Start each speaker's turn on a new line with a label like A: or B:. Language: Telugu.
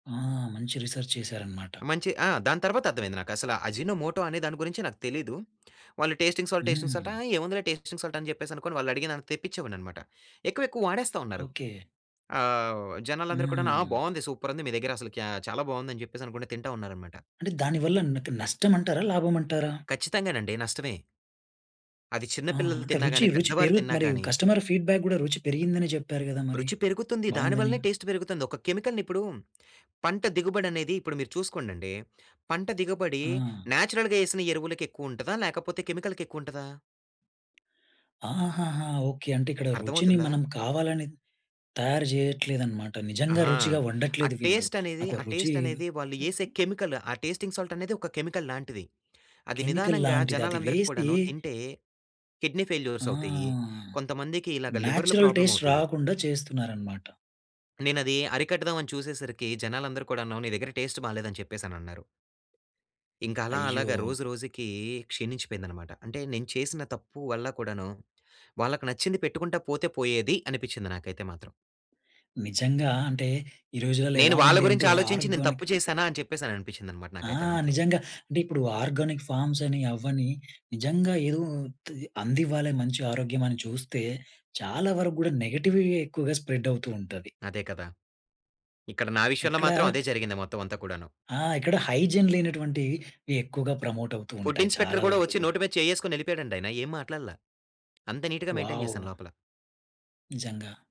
A: ఆ! మంచి రిసెర్చ్ చేశారన్నమాట.
B: మంచి ఆ! దాని తర్వాతర్థమైయింది నాకు. అసలా అజినోమోటో అనే దాని గురించే నాకు తెలీదు. వాళ్ళు టేస్టింగ్ సాల్ట్, టేస్టింగ్ సాల్ట్, "ఆ!
A: హ్మ్.
B: ఏముందిలే టేస్టింగ్ సాల్ట్" అని చెప్పేసి అనుకోని వాళ్ళు అడిగినంత తెప్పించేవాడినన్నమాట. ఎక్కువెక్కువ వాడేస్తా ఉన్నారు.
A: ఓకే.
B: ఆహ్, జనాలందరూ కూడాను, "ఆ!
A: హ్మ్.
B: బావుంది. సూపర్ ఉంది. మీ దగ్గర అసలు క్యా చాలా బాగుంది" అని చెప్పేసనుకుంటా తింటా ఉన్నారన్నమాట.
A: అంటే దాని వల్ల నాకు నష్టం అంటారా? లాభం అంటారా?
B: ఖచ్చితంగానండి నష్టమే. అది చిన్న
A: ఆ!
B: పిల్లలు
A: అంటే
B: తిన్నా
A: రుచి
B: గాని,
A: రుచి
B: పెద్దవారు
A: పెరుగుతు
B: తిన్నా
A: మరి
B: గాని
A: కస్టమరు ఫీడ్‌బ్యాక్ గూడా రుచి పెరిగిందని చెప్పారు గదా మరి
B: రుచి పెరుగుతుంది. దాని
A: బావుందని!
B: వల్లనే టేస్ట్ పెరుగుతుంది. ఒక కెమికల్‌ని ఇప్పుడు పంట దిగుబడనేది ఇప్పుడు మీరు చూసుకోండండి, పంట దిగుబడి
A: ఆ!
B: న్యాచురల్‌గా ఏసిన ఎరువులకి ఎక్కువుంటదా? లేకపోతే కెమికల్‌కి ఎక్కువుంటదా?
A: ఆహహా! ఓకే. అంటే ఇక్కడ రుచిని
B: అర్థమవుతుందా?
A: మనం కావాలని తయారు జేయట్లేదన్నమాట. నిజంగా
B: అహా!
A: రుచిగా
B: ఆ
A: వండట్లేదు వీళ్ళు.
B: టేస్ట్
A: ఆ
B: అనేది
A: యొక్క
B: ఆ
A: రుచి
B: టేస్ట్ అనేది వాళ్ళు ఏసే కెమికల్, ఆ టేస్టింగ్ సాల్ట్ అనేది ఒక కెమికల్ లాంటిది. అది
A: కెమికల్
B: నిదానంగా
A: లాంటిది. అది వేసి
B: జనాలందరిక్కూడాను తింటే కిడ్నీ ఫెయిల్యూర్స్
A: ఆ!
B: అవుతయి. కొంతమందికి ఇలాగ లివర్‌లు
A: న్యాచురల్
B: ప్రాబ్లమ్
A: టేస్ట్
B: అవుతయి.
A: రాకుండా చేస్తున్నారన్నమాట.
B: నేనది అరికడదాం అని చూసేసరికి జనాలందరూ కూడాను, నీ దగ్గర టేస్ట్ బాలేదని చెప్పేసనన్నారు. ఇంకా అలా
A: అయ్యో!
B: అలాగా రోజు రోజుకి క్షీణించిపోయిందన్నమాట. అంటే నేను చేసిన తప్పు వల్ల కూడాను, వాళ్లకు నచ్చింది పెట్టుకుంటా పోతే పోయేది అనిపించింది నాకైతే మాత్రం.
A: నిజంగా. అంటే ఈ రోజులలో
B: "నేను
A: ఎలా
B: వాళ్ళ
A: ఉంది
B: గురించి
A: అంటే
B: ఆలోచించి నేను
A: ఆర్గానిక్
B: తప్పు చేశానా?" అని చెప్పేసి అనిపించిందన్నమాట
A: ఆ!
B: నాకైతే మాత్రం.
A: నిజంగా. అంటే ఇప్పుడు ఆర్గానిక్ ఫార్మ్స్ అని, అవ్వని నిజంగా ఏదో ఉత్తి అందివ్వాలే మంచి ఆరోగ్యం అని చూస్తే, చాలా వరకు గూడా నెగెటివిటీయే ఎక్కువగా స్ప్రెడ్ అవుతూ ఉంటది.
B: అదే కదా! ఇక్కడ నా విషయంలో
A: ఎక్కడా
B: మాత్రం అదే జరిగింది మొత్తం అంతా కూడాను.
A: ఆ! ఎక్కడ హైజిన్ లేనటువంటియి ఈ ఎక్కువగా ప్రమోట్ అవుతూ
B: ఫుడ్
A: ఉంటాయి
B: ఇన్స్పెక్టర్
A: చాలా
B: గూడా
A: వరకు
B: వచ్చి
A: కూడా.
B: నోటి మీద చెయ్యేసుకోని ఎళ్లిపోయాడండి ఆయన. ఏం మాట్లాడలా. అంత నీట్‌గా మెయింటైన్
A: వావ్!
B: చేశాను లోపల.
A: నిజంగా.